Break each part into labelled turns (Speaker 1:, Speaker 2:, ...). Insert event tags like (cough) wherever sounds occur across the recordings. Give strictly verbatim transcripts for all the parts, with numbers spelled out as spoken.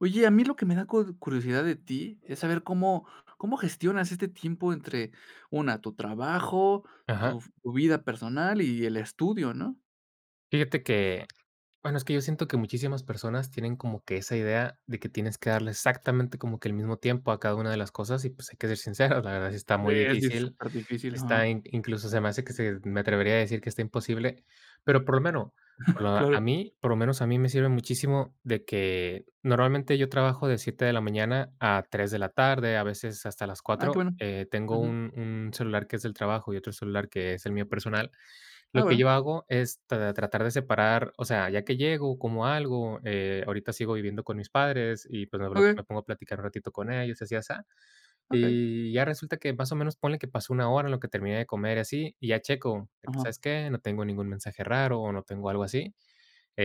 Speaker 1: Oye, a mí lo que me da cud curiosidad de ti, ¿es saber cómo cómo gestionas este tiempo entre, una, tu trabajo, tu
Speaker 2: Ajá.
Speaker 1: v tu vida personal y el estudio, no?
Speaker 2: Fíjate que, bueno, es que yo siento que muchísimas personas tienen como que esa idea, de que tienes que darle exactamente como que el mismo tiempo a cada una de las cosas y, pues, hay que ser sincero, la verdad sí está
Speaker 1: D
Speaker 2: muy
Speaker 1: es di
Speaker 2: difícil.
Speaker 1: súper difícil,
Speaker 2: Está
Speaker 1: ajá.
Speaker 2: in incluso, se me hace que se me atrevería a decir que está imposible. Pero, por lo menos por
Speaker 1: (chuckles)
Speaker 2: lo a
Speaker 1: Claro.
Speaker 2: mí, por lo menos a mí me sirve muchísimo de que normalmente yo trabajo de siete de la mañana a tres de la tarde, a veces hasta las
Speaker 1: Ah que
Speaker 2: cuatro.
Speaker 1: bueno,
Speaker 2: Eh, tengo
Speaker 1: ujú.
Speaker 2: un un celular que es del trabajo y otro celular que es el mío personal.
Speaker 1: Ah,
Speaker 2: Lo que
Speaker 1: bueno.
Speaker 2: yo hago es tra tratar de separar, o sea, ya que llego, como algo, eh, ahorita sigo viviendo con mis padres y pues, me blo me
Speaker 1: Okey.
Speaker 2: pongo a platicar un ratito con ellos y así asá.
Speaker 1: Okey.
Speaker 2: Y ya resulta que más o menos, ponle que pasó una hora, en lo que terminé de comer y así, y ya checo, de que
Speaker 1: Ajá.
Speaker 2: ¿sabes qué? No tengo ningún mensaje raro o no tengo algo así.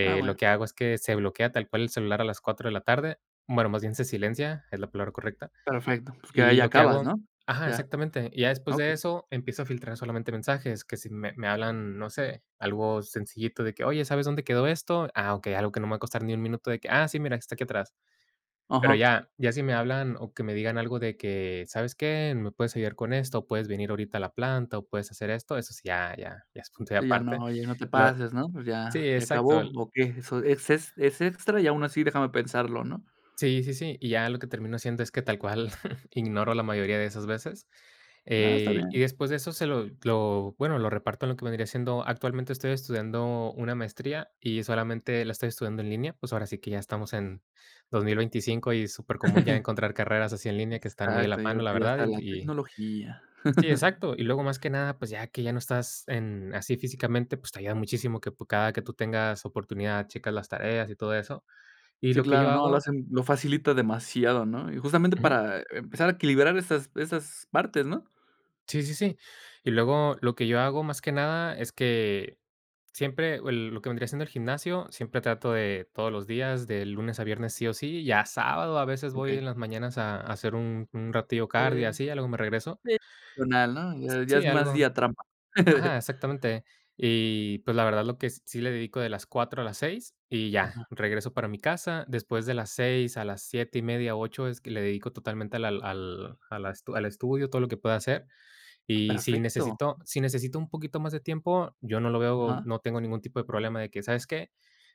Speaker 1: Ah
Speaker 2: lo
Speaker 1: bueno.
Speaker 2: que hago es que se bloquea tal cual el celular a las cuatro de la tarde, bueno, más bien se silencia, es la palabra correcta.
Speaker 1: Perfecto, pues, que
Speaker 2: Y
Speaker 1: ahí
Speaker 2: lo que
Speaker 1: acabas,
Speaker 2: hago
Speaker 1: ¿no?
Speaker 2: ajá,
Speaker 1: Ya,
Speaker 2: exactamente, y ya después de
Speaker 1: okey.
Speaker 2: eso empiezo a filtrar solamente mensajes, que si me me hablan, no sé, algo sencillito de que: "Oye, ¿sabes dónde quedó esto?". "Ah, okey, algo que no me va a costar ni un, minuto", de que" ,"Ah, sí, mira, está aquí atrás". Pero
Speaker 1: Ajá.
Speaker 2: ya ya si me hablan o que me digan algo de que: "¿Sabes qué? Me puedes ayudar con esto, o puedes venir ahorita a la planta o puedes hacer esto", eso sí, ya, ya, ya es punto y
Speaker 1: Sí, ya no,
Speaker 2: aparte.
Speaker 1: oye, no te
Speaker 2: Lo
Speaker 1: pases, ¿no? Pues,
Speaker 2: Sí,
Speaker 1: ya ya
Speaker 2: exacto
Speaker 1: acabó,
Speaker 2: l
Speaker 1: ¿o qué? Eso es ex es extra y aún así déjame pensarlo, ¿no?
Speaker 2: Sí, sí, sí. Y ya lo que termino haciendo es que tal cual, (chuckles) ignoro la mayoría de esas veces.
Speaker 1: No, está
Speaker 2: Eh, y
Speaker 1: bien.
Speaker 2: después de eso se lo lo, bueno, lo reparto en lo que vendría siendo, actualmente estoy estudiando una maestría y solamente la estoy estudiando en línea. Pues, ahora sí que ya estamos en dos mil veinticinco y es súper común ya
Speaker 1: (chuckles)
Speaker 2: encontrar carreras así en línea que están muy a la
Speaker 1: Exacto y
Speaker 2: mano, la
Speaker 1: ahorita ya
Speaker 2: verdad,
Speaker 1: está la
Speaker 2: y
Speaker 1: tecnología.
Speaker 2: Sí,
Speaker 1: (chuckles)
Speaker 2: exacto. Y luego más que nada, pues, ya que ya no estás en, así físicamente, pues, te ayuda muchísimo que p cada que tú tengas oportunidad checas las tareas y todo eso. Y
Speaker 1: Sí,
Speaker 2: lo que
Speaker 1: claro,
Speaker 2: yo
Speaker 1: no, lo
Speaker 2: hago
Speaker 1: hacen lo facilita demasiado, ¿no? Y justamente
Speaker 2: Ujú.
Speaker 1: para empezar a equilibrar esas esas partes, ¿no?
Speaker 2: Sí, sí, sí. Y luego lo que yo hago más que nada es que siempre, o el lo que vendría siendo el gimnasio, siempre trato de todos los días, de lunes a viernes sí o sí, ya sábado a veces voy
Speaker 1: Okey.
Speaker 2: en las mañanas a a hacer un un ratillo cardio y
Speaker 1: Eh.
Speaker 2: así, ya luego me regreso.
Speaker 1: (unintelligible) ¿no? Ya es
Speaker 2: Sí,
Speaker 1: más
Speaker 2: algo
Speaker 1: día trampa.
Speaker 2: Ajá,
Speaker 1: (chuckles)
Speaker 2: exactamente. Y pues la verdad lo que sí le dedico de las cuatro a las seis y ya
Speaker 1: Ajá.
Speaker 2: regreso para mi casa, después de las seis a las siete y media, ocho, es que le dedico totalmente a la al a la estu al estudio todo lo que pueda hacer. Y si
Speaker 1: Perfecto.
Speaker 2: necesito si necesito un poquito más de tiempo, yo no lo veo,
Speaker 1: Ajá.
Speaker 2: no tengo ningún tipo de problema de que, ¿sabes qué?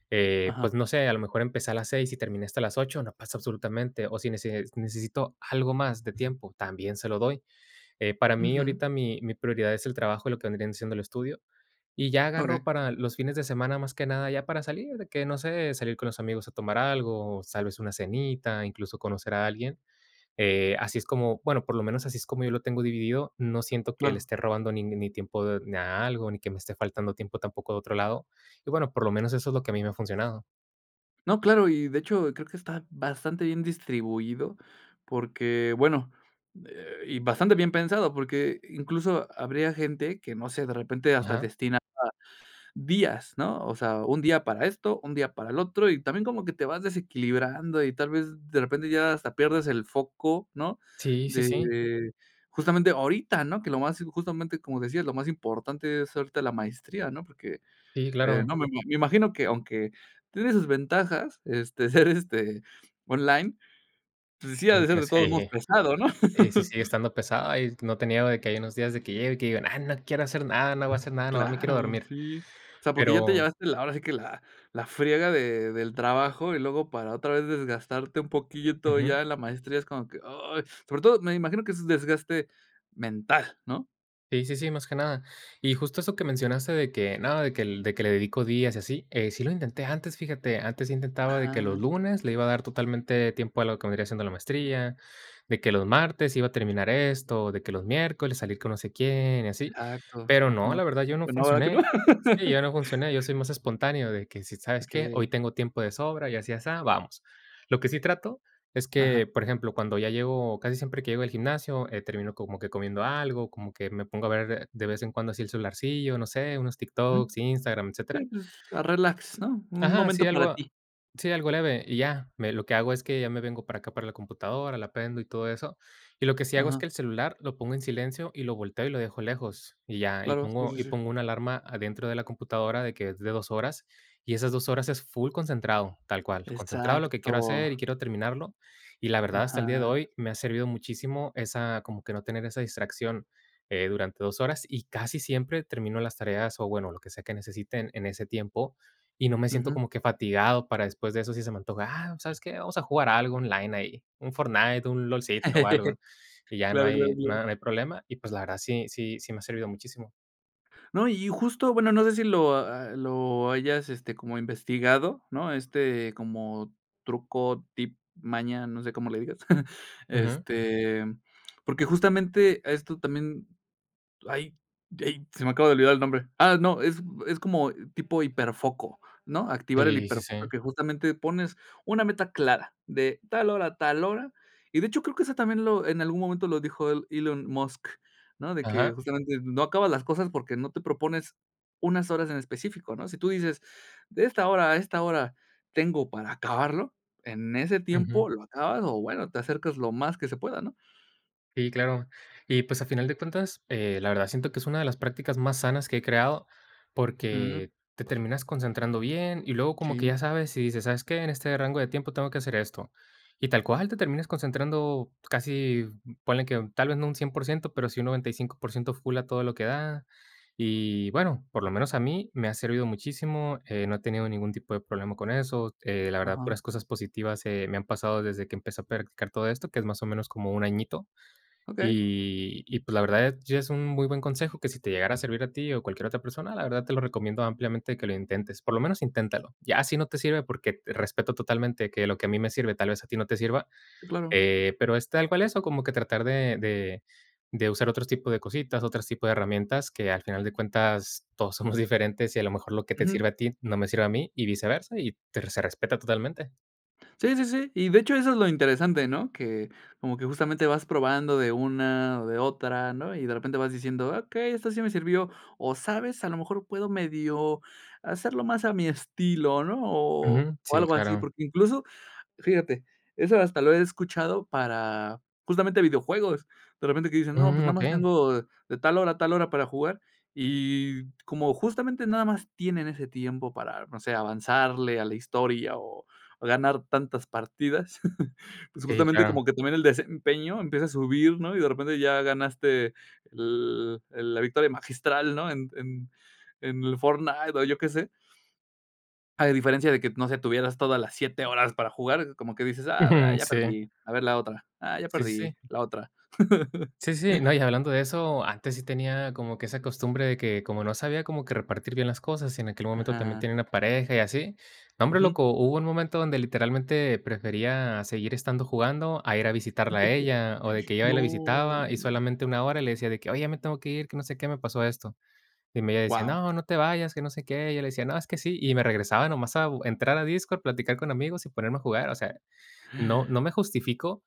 Speaker 2: Eh, pues
Speaker 1: Ajá.
Speaker 2: no sé, a lo mejor empecé a las seis y terminé hasta las ocho, no pasa absolutamente. O si nece necesito algo más de tiempo, también se lo doy. Eh, para mí,
Speaker 1: Ujú.
Speaker 2: ahorita mi mi prioridad es el trabajo y lo que vendrían siendo el estudio. Y ya agarro
Speaker 1: Okey.
Speaker 2: para los fines de semana, más que nada, ya para salir. De que no sé, salir con los amigos a tomar algo, o tal vez una cenita, incluso conocer a alguien, eh, así es como, bueno, por lo menos así es como yo lo tengo dividido. No siento que le
Speaker 1: Claro.
Speaker 2: esté robando ning ni tiempo ni a algo, ni que me esté faltando tiempo, tampoco de otro lado. Y bueno, por lo menos eso es lo que a mí me ha funcionado.
Speaker 1: No, claro, y de hecho creo que está bastante bien distribuido porque, bueno, eh, y bastante bien pensado porque incluso habría gente que no sé de repente hasta
Speaker 2: Ajá.
Speaker 1: destinaba días, ¿no?, o sea, un día para esto, un día para el otro y también como que te vas desequilibrando y tal vez de repente ya hasta pierdes el foco, ¿no?,
Speaker 2: Sí, sí, sí.
Speaker 1: de justamente ahorita, ¿no?, que lo más, justamente, como decías, lo más importante es ahorita la maestría, ¿no?, porque,
Speaker 2: Sí,
Speaker 1: eh,
Speaker 2: claro.
Speaker 1: no me ma me imagino que aunque tiene sus ventajas, este, ser, este, online, pues sí ha
Speaker 2: También
Speaker 1: de ser de
Speaker 2: tienes
Speaker 1: todos modos
Speaker 2: sí.
Speaker 1: pesado, ¿no?
Speaker 2: Sí, sí sigue
Speaker 1: (laughs)
Speaker 2: estando pesada, y no te niego de que hay unos días de que llego y que digo: "No, no quiero hacer nada, no voy a hacer nada, nomás me quiero
Speaker 1: Claro,
Speaker 2: dormir",
Speaker 1: sí, o sea, porque ya te
Speaker 2: pero
Speaker 1: llevaste la ahora sí que la la friega de del trabajo y luego para otra vez desgastarte un poquito
Speaker 2: Ujú
Speaker 1: ya la maestría es como que: "Ay". sobre todo, me imagino que es desgaste mental, ¿no?
Speaker 2: Sí, sí, sí, más que nada, y justo eso que mencionaste de que, no, de que el de que le dedico días y así, sí lo intenté antes, fíjate, antes intentaba de que
Speaker 1: Ajá.
Speaker 2: los lunes le iba a dar totalmente tiempo a lo que vendría siendo la maestría, de que los martes iba a terminar esto, de que los miércoles salir con no sé quién y así,
Speaker 1: Exacto,
Speaker 2: pero no,
Speaker 1: ujú,
Speaker 2: la verdad yo no
Speaker 1: pues no, ¿verdad que no?
Speaker 2: funcioné. Sí, yo no funcioné, yo soy
Speaker 1: (laughs)
Speaker 2: más espontáneo de que si, ¿sabes qué?
Speaker 1: Okey.
Speaker 2: Hoy tengo tiempo de sobra y así asá, vamos. Lo que sí trato es
Speaker 1: Ajá.
Speaker 2: que, por ejemplo, cuando ya llego, casi siempre que llego al gimnasio, eh, termino como que comiendo algo, como que me pongo a ver de vez en cuando así el celularcillo, no sé, unos
Speaker 1: Mm,
Speaker 2: TikToks, Instagram,
Speaker 1: sí,
Speaker 2: etcétera.
Speaker 1: pues, a relax,
Speaker 2: Sí,
Speaker 1: ¿no?, un
Speaker 2: ajá, así
Speaker 1: momento para
Speaker 2: algo,
Speaker 1: ti.
Speaker 2: sí, algo leve y ya, me lo que hago es que ya me vengo para acá para la computadora, la prendo y todo eso, y lo que sí hago es
Speaker 1: Ajá.
Speaker 2: que el celular lo pongo en silencio y lo volteo y lo dejo lejos, y ya, y
Speaker 1: Claro, sí,
Speaker 2: pongo
Speaker 1: sí,
Speaker 2: y
Speaker 1: sí.
Speaker 2: pongo una alarma dentro de la computadora de que es de dos horas, y esas dos horas es full concentrado, tal cual, concentrado lo que quiero
Speaker 1: Exacto.
Speaker 2: hacer y quiero terminarlo, y la verdad, hasta el día de
Speaker 1: Ajá.
Speaker 2: hoy, me ha servido muchísimo esa, como que no tener esa distracción, eh, durante dos horas, y casi siempre termino las tareas, o bueno, lo que sea que necesite en ese tiempo, y no me siento
Speaker 1: Ujú.
Speaker 2: como que fatigado para después de eso si se me antoja: "Ah, ¿pues sabes qué? Vamos a jugar algo online ahí, un Fortnite, un lolcito o
Speaker 1: (laughs)
Speaker 2: algo", y ya no
Speaker 1: Claro, claro,
Speaker 2: hay no
Speaker 1: claro.
Speaker 2: hay problema y pues la verdad sí sí sí me ha servido muchísimo.
Speaker 1: No, y justo, bueno, no sé si lo a lo hayas, este, como investigado, ¿no?, este, como truco, tip, maña, no sé cómo le digas, (chuckles)
Speaker 2: Ujú.
Speaker 1: este, porque justamente esto también, ay, ey, se me acaba de olvidar el nombre, ah, no, es es como tipo hiperfoco, ¿no?, activar el
Speaker 2: Sí, sí, sí.
Speaker 1: hiperfoco que justamente pones una meta clara de tal hora a tal hora y de hecho creo que eso también lo en algún momento lo dijo el Elon Musk, ¿no?, de que
Speaker 2: Ajá.
Speaker 1: justamente no acabas las cosas porque no te propones unas horas en específico, ¿no?, si tú dices de esta hora a esta hora tengo para acabarlo en ese
Speaker 2: Ujú.
Speaker 1: tiempo lo acabas o bueno, te acercas lo más que se pueda, ¿no?
Speaker 2: Sí, claro. Y, pues, a final de cuentas, eh, la verdad, siento que es una de las prácticas más sanas que he creado,
Speaker 1: Ujú.
Speaker 2: porque, te terminas concentrando bien. Y luego como que
Speaker 1: Sí.
Speaker 2: ya sabes, y dices, ¿sabes qué? En este rango de tiempo tengo que hacer esto. Y tal cual, te termines concentrando casi ponle que tal vez no un cien por ciento, pero, sí un noventa y cinco por ciento full a todo lo que da. Y bueno, por lo menos a mí me ha servido muchísimo, eh, no he tenido ningún tipo de problema con eso, eh, la verdad,
Speaker 1: Ajá.
Speaker 2: puras cosas positivas, eh, me han pasado desde que empecé a practicar todo esto, que es más o menos como un añito.
Speaker 1: Okey.
Speaker 2: Y y pues, la verdad sí es es un muy buen consejo, que si te llegara a servir a ti o cualquier otra persona, la verdad te lo recomiendo ampliamente que lo intentes. Por lo menos inténtalo. Ya si no te sirve, porque, respeto totalmente que lo que a mí me sirve tal vez a ti no te sirva,
Speaker 1: Sí, claro.
Speaker 2: eh, pero, es tal cual eso, como que tratar de de de usar otros tipos de cositas, otros tipos de herramientas que al final de cuentas todos somos diferentes y a lo mejor lo que te
Speaker 1: Ujú.
Speaker 2: sirve a ti, no me sirve a mí y viceversa y te se respeta totalmente.
Speaker 1: Sí, sí, sí. Y de hecho eso es lo interesante, ¿no? Que, como que justamente vas probando de una, o de otra, ¿no? Y de repente vas diciendo: "Okey, esto sí me sirvió. O sabes, a lo mejor puedo medio hacerlo más a mi estilo, ¿no? O
Speaker 2: Ujú.
Speaker 1: o
Speaker 2: Sí,
Speaker 1: algo así".
Speaker 2: claro.
Speaker 1: Porque incluso, fíjate, eso hasta lo he escuchado para justamente videojuegos, de repente que dicen: "No, pues
Speaker 2: Mm.
Speaker 1: nada más
Speaker 2: Okey.
Speaker 1: tengo de tal hora a tal hora para jugar". Y como justamente nada más tienen ese tiempo para, no sé, avanzarle a la historia o o ganar tantas partidas. (laughs) Pues,
Speaker 2: Sí,
Speaker 1: justamente
Speaker 2: claro.
Speaker 1: como que también el desempeño empieza a subir, ¿no? Y de repente ya ganaste el el la victoria magistral, ¿no? En en en el Fortnite o yo que sé. A diferencia de que, no sé, tuvieras todas las siete, horas para jugar, como que dices: "Ah,
Speaker 2: Ujú.
Speaker 1: ya
Speaker 2: Sí.
Speaker 1: perdí. A ver la otra. Ah, ya
Speaker 2: Sí, sí,
Speaker 1: perdí,
Speaker 2: sí.
Speaker 1: la otra".
Speaker 2: Sí, sí.
Speaker 1: (laughs)
Speaker 2: No, y hablando de eso, antes sí tenía como que esa costumbre de que, como no sabía cómo que repartir bien las cosas, y en aquel momento también
Speaker 1: Ajá.
Speaker 2: tenía una pareja y así. No hombre,
Speaker 1: Ujú.
Speaker 2: loco, hubo un momento donde literalmente prefería seguir estando jugando a ir a visitarla a ella, o de que yo hoy la
Speaker 1: No.
Speaker 2: visitaba y solamente una, hora le decía de que: "Oye, ya me tengo que ir, que no sé qué, me pasó esto". Y me ella decía:
Speaker 1: Guau.
Speaker 2: "No, no te vayas, que no sé qué". Y yo le decía: "No, es que sí". Y me regresaba nomás a u entrar a Discord, a platicar con amigos y ponerme a jugar. O sea, no no
Speaker 1: (gasps)
Speaker 2: me justifico,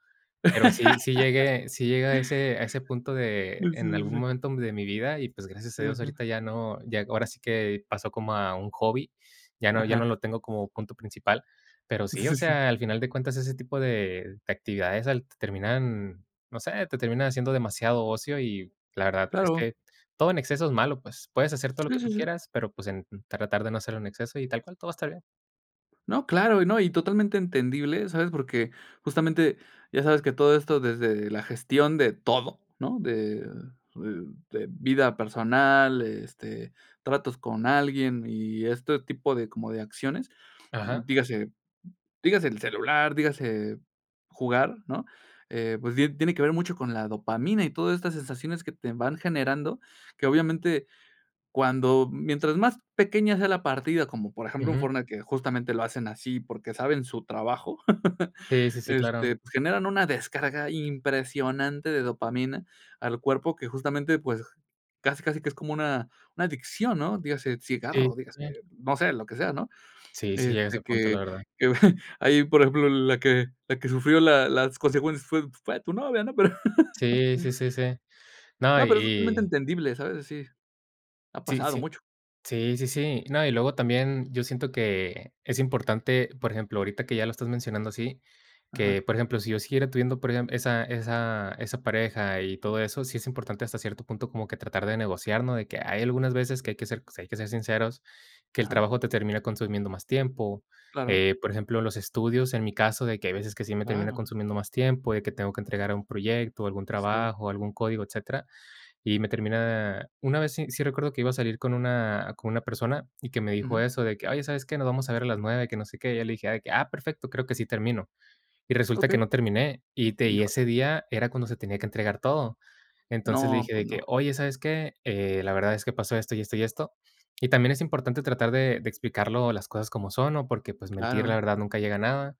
Speaker 2: pero sí, sí
Speaker 1: (laughs)
Speaker 2: llegué sí llegué a ese a ese punto
Speaker 1: Sí,
Speaker 2: de
Speaker 1: sí,
Speaker 2: en
Speaker 1: sí,
Speaker 2: algún
Speaker 1: sí.
Speaker 2: momento de mi vida y pues, gracias a Dios
Speaker 1: Ujú.
Speaker 2: ahorita ya no, ya ahora sí que pasó como a un hobby. Ya no ya no
Speaker 1: Ajá.
Speaker 2: lo tengo como punto principal. Pero sí,
Speaker 1: Sí,
Speaker 2: o
Speaker 1: sí, sí.
Speaker 2: sea, al final de cuentas ese tipo de de actividades al terminan, no sé, te terminan haciendo demasiado ocio y la verdad es
Speaker 1: Claro.
Speaker 2: que todo en exceso es malo, pues, puedes hacer todo lo
Speaker 1: Sí,
Speaker 2: que
Speaker 1: sí,
Speaker 2: tú
Speaker 1: sí.
Speaker 2: quieras, pero pues, en tratar de no hacerlo en exceso y tal cual todo va a estar bien.
Speaker 1: No, claro. Y no, y totalmente entendible, ¿sabes? Porque justamente, ya sabes que todo esto desde la gestión de todo, ¿no? De de de vida personal, este, tratos con alguien y este tipo de como de acciones.
Speaker 2: Ajá.
Speaker 1: Dígase dígase el celular, dígase jugar, ¿no?, eh, pues die tiene que ver mucho con la dopamina y todas estas sensaciones que te van generando, que obviamente cuando mientras más pequeña sea la partida, como por ejemplo, en
Speaker 2: Ujú.
Speaker 1: Fortnite, que justamente lo hacen así porque, saben su trabajo.
Speaker 2: Sí, sí,
Speaker 1: (laughs)
Speaker 2: sí. Claro.
Speaker 1: Este, pues generan una descarga impresionante de dopamina al cuerpo que justamente, pues, casi casi que es como una una adicción, ¿no? Dígase
Speaker 2: Sí.
Speaker 1: cigarro, dígase,
Speaker 2: (unintelligible)
Speaker 1: no sé, lo que sea, ¿no?
Speaker 2: Sí sí llegue ese
Speaker 1: Este
Speaker 2: punto, la
Speaker 1: que
Speaker 2: verdad.
Speaker 1: que (chuckles) ahí, por ejemplo, la que la que sufrió la las consecuencias fue fue tu novia, ¿no? (laughs) Pero,
Speaker 2: Sí, sí, sí, sí. No,
Speaker 1: no,
Speaker 2: y
Speaker 1: pero es totalmente
Speaker 2: y
Speaker 1: entendible, ¿sabes? Sí. Ha
Speaker 2: Sí,
Speaker 1: pasado
Speaker 2: sí.
Speaker 1: mucho.
Speaker 2: Sí, sí, sí. No, y luego también yo siento que es importante, por ejemplo, ahorita que ya lo estás mencionando así,
Speaker 1: Ajá.
Speaker 2: que por ejemplo, si yo siguiera teniendo perdem esa esa esa pareja y todo eso, sí es importante hasta cierto punto como que tratar de negociar, ¿no?, de que hay algunas veces que hay que ser sí hay que ser sinceros. Que el
Speaker 1: Ajá.
Speaker 2: trabajo te termina consumiendo más tiempo,
Speaker 1: Claro.
Speaker 2: eh, por ejemplo, los estudios, en mi caso, de que hay veces que sí me termina
Speaker 1: Claro.
Speaker 2: consumiendo más tiempo, de que tengo que entregar algún proyecto, algún
Speaker 1: Sí.
Speaker 2: trabajo, algún código, etcétera. Y me termina una vez sí sí recuerdo que iba a salir con una con una persona y que me dijo
Speaker 1: Ujú.
Speaker 2: eso de que: "Oye, ¿sabes qué? Nos vamos a ver a las nueve, que no sé qué". Y yo le dije: "Ah, perfecto, creo que sí termino". Y resulta que
Speaker 1: Okey.
Speaker 2: no terminé y te y
Speaker 1: Híjole.
Speaker 2: ese día era cuando se tenía que entregar todo. Entonces le
Speaker 1: No,
Speaker 2: dije de
Speaker 1: pues no.
Speaker 2: que: "Oye, ¿sabes qué? Eh, la verdad es que pasó esto, y esto, y esto". Y también es importante tratar de de explicarlo. Las cosas como son, ¿no? Porque pues mentir, la
Speaker 1: Claro.
Speaker 2: verdad nunca llega nada.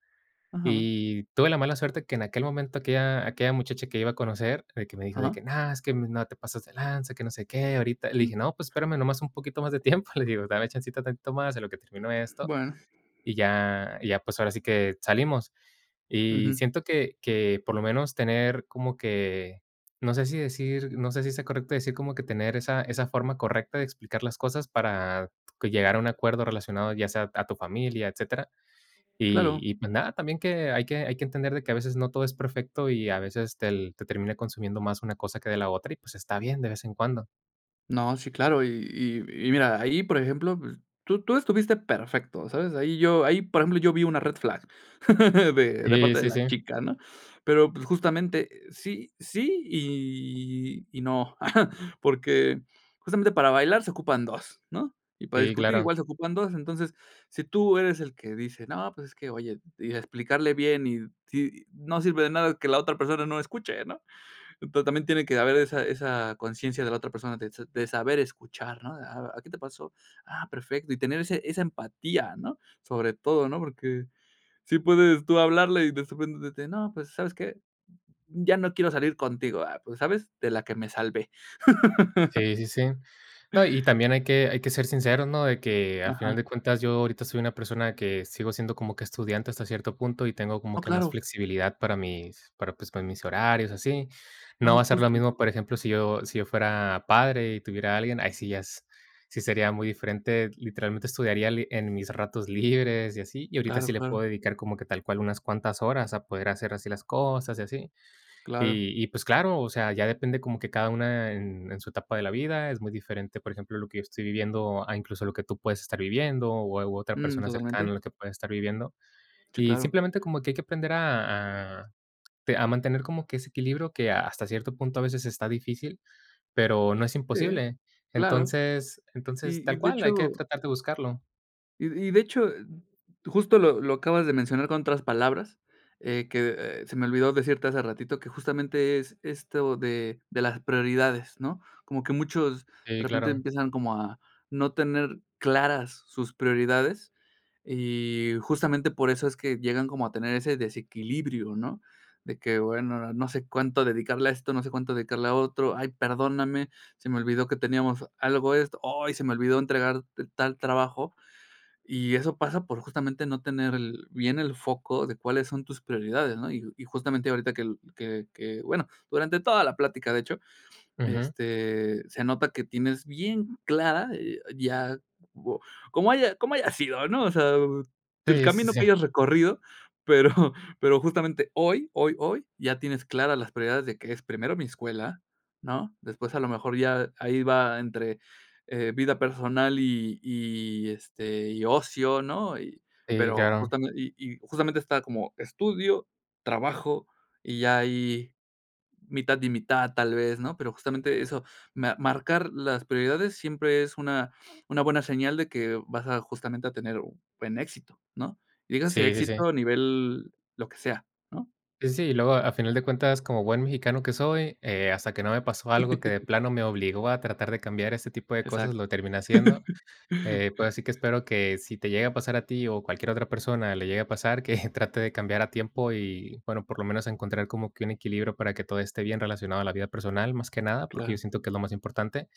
Speaker 1: Ujú.
Speaker 2: Y tuve la mala suerte que en aquel momento, aquella aquella muchacha que iba a conocer, de que me dijo: "De
Speaker 1: Ujú.
Speaker 2: que no, es que no te pases de lanza, que no sé qué". Ahorita le
Speaker 1: Mm.
Speaker 2: dije: "No, pues, espérame nomás un poquito más de tiempo". Le digo: "Dame chancita tantito más en lo que terminó esto
Speaker 1: Bueno.
Speaker 2: y ya y ya pues, ahora sí que salimos". Y
Speaker 1: Ujú.
Speaker 2: siento que que por lo menos tener como que, no sé, si decir, no sé si sea correcto decir como que tener esa esa forma correcta de explicar las cosas para que llegar a un acuerdo relacionado, ya sea a tu familia, etcétera. Y
Speaker 1: Claro.
Speaker 2: y pues nada, también que hay que hay que entender de que a veces no todo es perfecto y a veces tel te termina consumiendo más una cosa que de la otra y pues, está bien de vez en cuando.
Speaker 1: No, sí, claro, y y y mira, ahí, por ejemplo, pues, tú tú estuviste perfecto, ¿sabes? Ahí yo ahí, por ejemplo, yo vi una red flag (laughs) de de
Speaker 2: Sí,
Speaker 1: parte de
Speaker 2: sí,
Speaker 1: la
Speaker 2: sí.
Speaker 1: chica, ¿no? Pero, pues, justamente, eh, sí sí y y no. (chuckles) Porque, justamente para bailar se ocupan dos, ¿no? Y para
Speaker 2: Sí,
Speaker 1: discutir
Speaker 2: claro.
Speaker 1: igual se ocupan dos. Entonces, si tú eres el que dice: "No pues, es que oye" y explicarle bien y sí, no sirve de nada que la otra persona no escuche, ¿no? Ento también tiene que haber esa esa conciencia de la otra persona de s de saber escuchar, ¿no? "Ah ah, ¿qué te pasó? Ah, perfecto". Y tener ese esa empatía, ¿no? Sobre todo, ¿no? Porque sí puedes tú hablarle y despues, de que: "No, pues, ¿sabes qué? Ya no quiero salir contigo". "Ah pues, ¿sabes? De la que me salvé". (laughs)
Speaker 2: Sí, sí, sí. No, y también hay que hay, que ser sincero, ¿no? De que al final
Speaker 1: Ajá.
Speaker 2: de cuentas, yo ahorita soy una persona que sigo siendo como que estudiante hasta cierto punto y tengo como
Speaker 1: Oh,
Speaker 2: que más
Speaker 1: claro.
Speaker 2: flexibilidad para mis para pues, mis horarios así. No
Speaker 1: No,
Speaker 2: va a ser lo
Speaker 1: justo.
Speaker 2: mismo, por ejemplo, si yo si yo fuera padre y tuviera a alguien, ahí sí ya es, sí sería muy diferente. Literalmente estudiaría li en mis ratos libres y así. Y ahorita
Speaker 1: Claro,
Speaker 2: sí le puedo
Speaker 1: claro.
Speaker 2: dedicar como que tal cual unas cuantas horas a poder hacer así las cosas y así.
Speaker 1: Claro.
Speaker 2: Y y pues claro, o sea, ya depende como que cada una en en su etapa de la vida es muy diferente, por ejemplo, lo que yo estoy viviendo a incluso lo que tú puedes estar viviendo, o a o a otra
Speaker 1: Mm,
Speaker 2: persona
Speaker 1: totalmente.
Speaker 2: cercana a lo que puedes estar viviendo.
Speaker 1: Sí,
Speaker 2: Y
Speaker 1: claro.
Speaker 2: simplemente como que hay que aprender a a te a mantener como que ese equilibrio que hasta cierto punto a veces está difícil, pero, no es
Speaker 1: Sí,
Speaker 2: imposible.
Speaker 1: claro.
Speaker 2: Entonces entonces,
Speaker 1: Y y
Speaker 2: tal
Speaker 1: de
Speaker 2: cual, hay que
Speaker 1: hecho
Speaker 2: tratar de buscarlo.
Speaker 1: y y de hecho justo lo lo acabas de mencionar con otras palabras, eh, que, eh, se me olvidó decirte hace ratito, que justamente es, esto de de las prioridades, ¿no? Como que muchos de
Speaker 2: Sí,
Speaker 1: repente
Speaker 2: claro.
Speaker 1: empiezan como a no tener claras sus prioridades y justamente por eso es que llegan como a tener ese desequilibrio, ¿no?, de que: "Bueno, ahora, no sé cuánto dedicarle a esto, no sé cuánto dedicarle a otro, ay perdóname, se me olvidó que teníamos algo de esto, ay se me olvidó entregarte tal trabajo", y eso pasa por justamente no tener el bien el foco de cuáles son tus prioridades, ¿no? Y y justamente ahorita que el que que que, bueno durante toda la plática de hecho
Speaker 2: Ujú.
Speaker 1: este, se nota que tienes bien clara, eh ya, como como haya como haya sido, ¿no? O sea, el
Speaker 2: Sí, sí,
Speaker 1: camino que
Speaker 2: sí.
Speaker 1: hayas recorrido, pero (chuckles) pero justamente hoy, hoy, hoy ya tienes claras las prioridades de que es primero mi escuela, ¿no? Después a lo mejor ya ahí va entre, eh, vida personal y y, este, y ocio, ¿no? Y
Speaker 2: Sí,
Speaker 1: pero
Speaker 2: claro.
Speaker 1: justame y y y justamente está como estudio, trabajo, y ya ahí mitad y mitad tal vez, ¿no? Pero, justamente eso, me marcar las prioridades siempre es una una buena señal de que vas a justamente a tener un buen éxito, ¿no? Dígase
Speaker 2: Sí, sí,
Speaker 1: éxito
Speaker 2: sí.
Speaker 1: a nivel lo que sea, ¿no?
Speaker 2: Sí, sí, sí, y luego, a final de cuentas, como buen mexicano que soy, eh, hasta que no me pasó algo que de
Speaker 1: (laughs)
Speaker 2: plano me obligó a tratar de cambiar ese tipo de cosas,
Speaker 1: Exacto.
Speaker 2: lo terminé haciendo,
Speaker 1: (laughs)
Speaker 2: eh, pues ahora sí que espero que si te llega a pasar a ti, o cualquier otra persona le llegue a pasar, que trate de cambiar a tiempo y bueno, por lo menos encontrar como que un equilibrio para que todo esté bien relacionado a la vida personal, más que nada. Porque, yo
Speaker 1: Claro.
Speaker 2: siento que es lo más importante.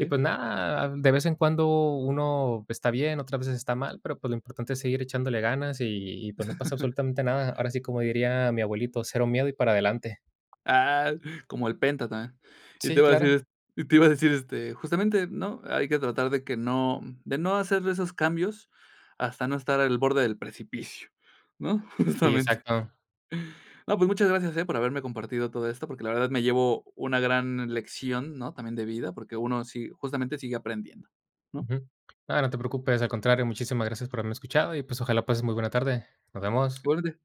Speaker 2: Y pues nada, de vez en cuando uno está bien, otras veces está mal, pero pues, lo importante es seguir echándole ganas y y pues, no pasa
Speaker 1: (laughs)
Speaker 2: absolutamente nada. Ahora sí, como diría mi abuelito, cero miedo y para adelante.
Speaker 1: Ah, como el penta tambien. Y te
Speaker 2: Sí,
Speaker 1: iba a decir,
Speaker 2: claro.
Speaker 1: est y te iba a decir, este, justamente, ¿no? Hay que tratar de que no, de no hacerle esos cambios hasta no estar al borde del precipicio, ¿no?
Speaker 2: Y,
Speaker 1: Justamente.
Speaker 2: exacto.
Speaker 1: No, pues muchas gracias, eh, por haberme compartido todo esto, porque, la verdad me llevo una gran lección, ¿no? También de vida, porque uno sí, justamente sigue aprendiendo, ¿no?
Speaker 2: Ujú, no, no te preocupes, al contrario, muchísimas gracias por haberme escuchado y, pues, ojalá pases muy buena tarde. Nos vemos.
Speaker 1: Igualmente.